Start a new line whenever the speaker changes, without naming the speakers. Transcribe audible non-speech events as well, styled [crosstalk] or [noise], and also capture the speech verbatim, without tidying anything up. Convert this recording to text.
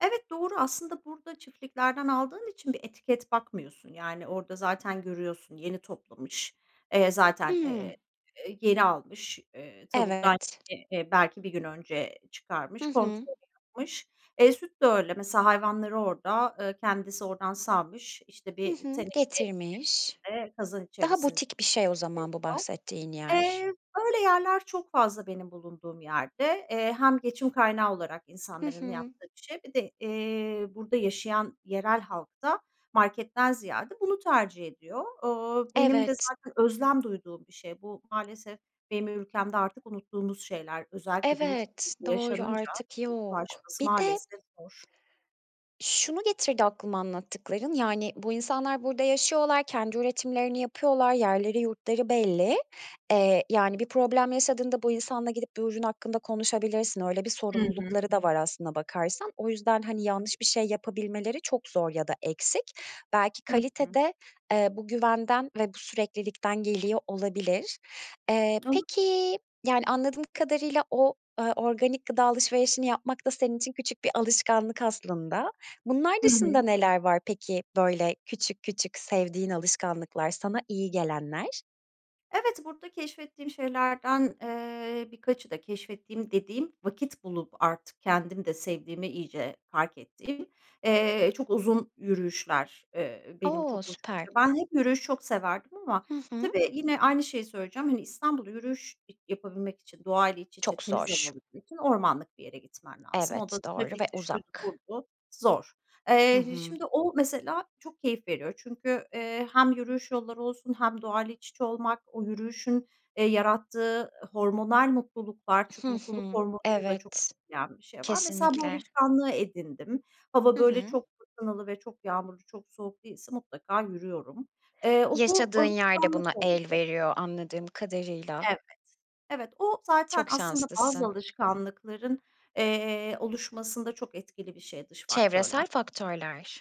Evet, doğru. Aslında burada çiftliklerden aldığın için bir etiket bakmıyorsun yani orada zaten görüyorsun, yeni toplamış. Eee, zaten,
Hımm.
eee, eee, yeni almış. Eee, tavuktan
Evet.
[unintelligible] belki bir gün önce
Hı
çıkarmış,
hı.
kontrolü yapmış. Eee, süt de öyle mesela hayvanları orada, ııı, kendisi oradan sağmış, işte,
Hı
bir
hı.
teneke
Getirmiş.
içerisinde, kazan
Daha
içerisin
butik bir şey o zaman bu
[unintelligible]
bahsettiğin yer.
Eee, böyle yerler çok fazla benim bulunduğum yerde. Eee, hem geçim kaynağı olarak
Hı
insanların
hı.
yaptığı bir şey bir de, eee, burada yaşayan yerel halk da marketten ziyade bunu tercih ediyor. Iıı, benim de
Evet.
zaten özlem duyduğum bir şey. Bu maalesef benim ülkemde artık unuttuğumuz şeyler. Özellikle büyük
Evet,
[unintelligible]
doğru
yaşanınca
artık yok.
ulaşması
Bir de
maalesef zor.
Şunu getirdi aklıma anlattıkların. Yani, bu insanlar burada yaşıyorlar, kendi üretimlerini yapıyorlar, yerleri yurtları belli. Eee, yani bir problem yaşadığında bu insanla gidip bir ürün hakkında konuşabilirsin. Öyle bir
Hı hı.
sorumlulukları da var aslına bakarsan. O yüzden, hani, yanlış bir şey yapabilmeleri çok zor ya da eksik. Belki
Hı
kalite
hı.
de, eee, bu güvenden ve bu süreklilikten geliyor olabilir. Eee,
Olabilir.
peki, yani anladığım kadarıyla o, ııı, organik gıda alışverişini yapmak da senin için küçük bir alışkanlık aslında. Bunlar
Hı
dışında
hı.
neler var peki böyle küçük küçük sevdiğin alışkanlıklar, sana iyi gelenler?
Evet, burada keşfettiğim şeylerden, eee, birkaçı da keşfettiğim dediğim, vakit bulup artık kendim de sevdiğimi iyice fark ettiğim, eee, çok uzun yürüyüşler. Eee, benim çok
O!
hoşuma
Süper.
gidiyor. Ben hep yürüyüş çok severdim ama
Hı hı.
tabii yine aynı şeyi söyleyeceğim. Hani, İstanbul yürüyüş yapabilmek için doğayla iç içe,
Çok
temiz hava
zor.
alabilmek için ormanlık bir yere gitmen lazım. O
Evet,
da
doğru ve
trafikti, şuydu
uzak.
buydu, zor.
Hı
Eee,
hı.
şimdi o mesela çok keyif veriyor çünkü, eee, hem yürüyüş yolları olsun hem doğayla iç içe olmak, o yürüyüşün, eee, yarattığı hormonal mutluluklar.
Hı
Çünkü mutluluk
hı.
hormonunu da çok
Evet,
yen bir şey var. Mesela bu
kesinlikle.
alışkanlığı edindim. Hava
Hı
böyle
hı.
çok fırtınalı ve çok yağmurlu, çok soğuk değilse mutlaka yürüyorum. Eee, o bu
Yaşadığın yer de
alışkanlık
buna el
oldu.
veriyor anladığım kadarıyla.
Evet. Evet o zaten
Çok
aslında bazı
şanslısın.
alışkanlıkların, eee, oluşmasında çok etkili bir şey, dış faktörler.
Çevresel faktörler.